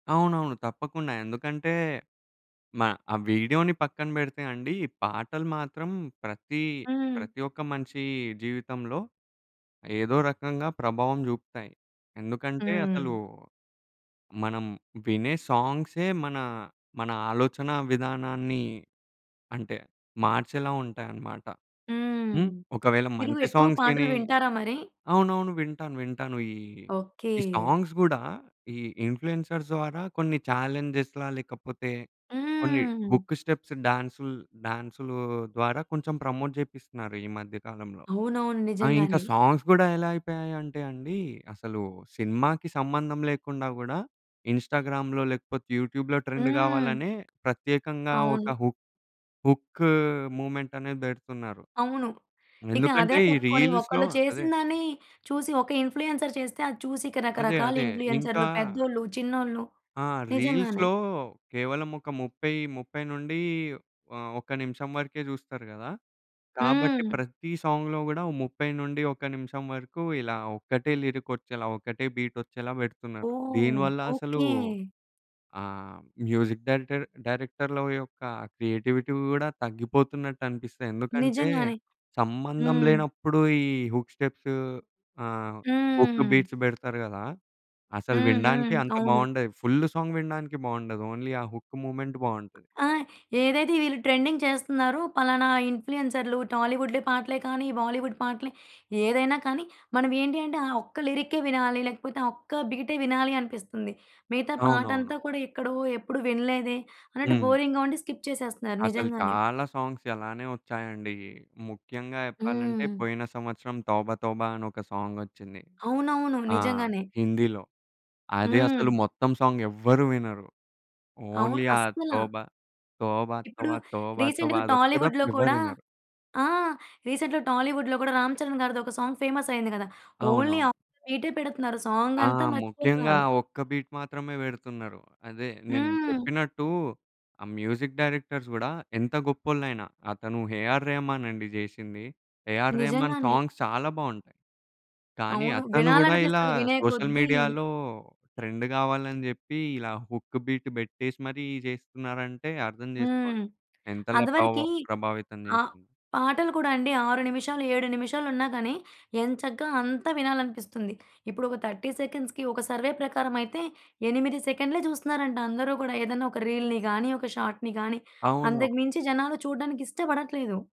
అవునవును. తప్పకుండా. ఎందుకంటే, మ ఆ! వీడియో‌ని పక్కన పెడితే అండి, పాటలు మాత్రం ప్రతి హ్మ్. ప్రతి ఒక్క మనిషి జీవితంలో ఏదో రకంగా ప్రభావం చూపుతాయి. ఎందుకంటే, హ్మ్. అసలు మనం వినే సాంగ్సే మన, మన ఆలోచనా విధానాన్ని అంటే మార్చేలా ఉంటాయన్నమాట. హ్మ్. హ్మ్. ఒకవేళ మీరు మంచి ఎక్కువ సాంగ్స్ పాటలు విని వింటారా మరి? అవునవును. వింటాను. వింటాను. ఈ ఓకే. ఈ సాంగ్స్ గూడా, ఈ ఇన్‌ఫ్లూ‌ఎన్‌సర్స్ ద్వారా కొన్ని చాలెంజేస్ లేకపోతే, కొన్ని హ్మ్. హుక్ స్టెప్స్ డాన్సు‌ల్ డాన్స్‌లు ద్వారా కొంచెం ప్రమోట్ చేపిస్తున్నారు ఈ మధ్య కాలంలో. అవునవును. ఆ! ఇంకా నిజంగానే. సాంగ్స్ గూడా ఎలా అయిపోయాయి అంటే అండి, అసలు సినిమాకి సంబంధం లేకుండా గూడా ఇన్‌స్టా‌గ్రామ్‌లో లేకపోతే, యూట్యూ‌బ్‌లో ట్రెండ్ హ్మ్. కావాలనే ప్రత్యేకంగా అవును. ఒక హు హుక్ మూవ్‌మెంట్ అనేది పెడుతున్నారు. అవును. ఇక అదే ఎందుకంటే, ఈ పట్టుకొని రీల్స్‌లో ఒకళ్ళు అదే. చేసినదాన్ని, చూసి ఒక ఇన్‌ఫ్లూ‌ఎన్సర్ చేస్తే అది చూసి ఇక అదే. రకరకాల అదే. ఇంకా ఇన్‌ఫ్లూ‌ఎన్‌సర్‌లు పెద్దోళ్ళు, చిన్నోళ్ళు. ఆ! నిజంగానే. రీల్స్‌లో కేవలం ఒక ముప్పై ముప్పై నుండి ఆహ్, ఒక నిమిషం వరకే చూస్తారు గదా! కాబట్టి హ్మ్. ప్రతి సాంగ్‌లో కూడా 30 నుండి ఒక నిమిషం వరకు, ఇలా ఒక్కటే లిరిక్ వచ్చేలా, ఒకటే బీట్ వచ్చేలా పెడుతున్నారు. ఓహ్! దీనివల్ల అసలు ఓకే. ఆహ్, మ్యూజిక్ డైరెక్టర్ డైరెక్టర్‌ల యొక్క క్రియేటివిటీ కూడా తగ్గిపోతున్నట్టు అనిపిస్తుంది. ఎందుకంటే, నిజంగానే. సంబంధం హ్మ్. లేనప్పుడు ఈ హుక్ స్టెప్స్ ఆహ్, హుక్ హ్మ్. బీట్స్ పెడతారు గదా! అసల హ్మ్. హ్మ్. వినడానికి అంత అవును. బావుండదు. ఫుల్ సాంగ్ వినడానికి బావుండదు. ఓన్లీ ఆ హుక్ మూవ్‌మెంట్ బావుంటది. ఆ! ఏదైతే వీళ్ళు ట్రెండింగ్ చేస్తున్నారో ఫలానా ఇన్‌ఫ్లూ‌ఎన్‌సర్‌లు టాలీవుడ్‌లో పాటలే కానీ, బాలీవుడ్ పాటలు ఏదైనా కానీ, మనం ఏంటి అంటే ఆ ఒక్క లిరిక్కే వినాలి లేకపోతే, ఆ ఒక్క బీటే వినాలి అనిపిస్తుంది. మిగతా అవునవును. పాటంతా కూడా ఎక్కడో, ఎప్పుడూ వినలేదే అన్నట్టు హ్మ్. బోరింగ్‌గా ఉండి స్కిప్ చేసేస్తున్నారు అసలు నిజంగానే. చాలా సాంగ్స్ అలానే వచ్చాయండి. ముఖ్యంగా చెప్పాలంటే, హ్మ్. పోయిన సంవత్సరం 'తోబతోబా' అని ఒక సాంగొచ్చింది. అవునవును. ఆ! నిజంగానే. హిందీలో. అది అసలు హ్మ్. మొత్తం సాంగ్ ఎవ్వరూ వినరు ఓన్లీ అవును. ఆ అస్సల. 'తోబా, తోబా, ఇప్పుడు తోబా తోబాతోబా' రీసెంట్‌గా అదొక్కటి తప్ప టాలీవుడ్‌లో ఎవ్వరు కూడా వినరు. ఆ! రీసెంట్‌గా టాలీవుడ్‌లో కూడా 'రామ్ చరణ్' గారిది ఒక సాంగ్ ఫేమస్ అయ్యింది కదా! ఓన్లీ ఆ! అవునవును. బీటే పెడుతున్నారు. సాంగ్ ఆ! అంతా ముఖ్యంగా మర్చిపోతున్నారు. ఒక్క బీట్ మాత్రమే పెడుతున్నారు. అదే నేను హ్మ్. చెప్పినట్టు ఆ! మ్యూజిక్ డైరెక్టర్స్ గూడా ఎంత గొప్పోళ్ళయినా, అతను 'ఏఆర్ రెహమాన్' అండి చేసింది. 'ఏఆర్ రెహమాన్' నిజంగానే. సాంగ్స్ చాలా బావుంటాయి. కానీ అవును. అతను గూడా ఇలా వినాలనిపిస్తది వినే సోషల్ కొద్దీ మీడియాలో ట్రెండ్ కావాలని చెప్పి, ఇలా హుక్ బీట్ పెట్టేసి మరి చేస్తున్నారంటే, అర్థం హ్మ్. చేసుకోండి. ఎంతలా ప్రవ అదివరకి. ప్రభావితం ఆహ్, చేసింది. పాటలు గూడా అండి 6 నిమిషాలు, 7 నిమిషాలు ఉన్నా గానీ, ఎం చక్కగా అంతా వినాలనిపిస్తుంది. ఇప్పుడు ఒక 30 సెకండ్స్‌కి ఒక సర్వే ప్రకారం అయితే, 8 సెకండ్లే చూస్తున్నారంట, అందరూ గూడా. ఏదైనా ఒక రీల్‌ని గానీ, ఒక షాట్‌ని గానీ, అవును. అంతకుమించి జనాలు చూడడానికి ఇష్టపడట్లేదు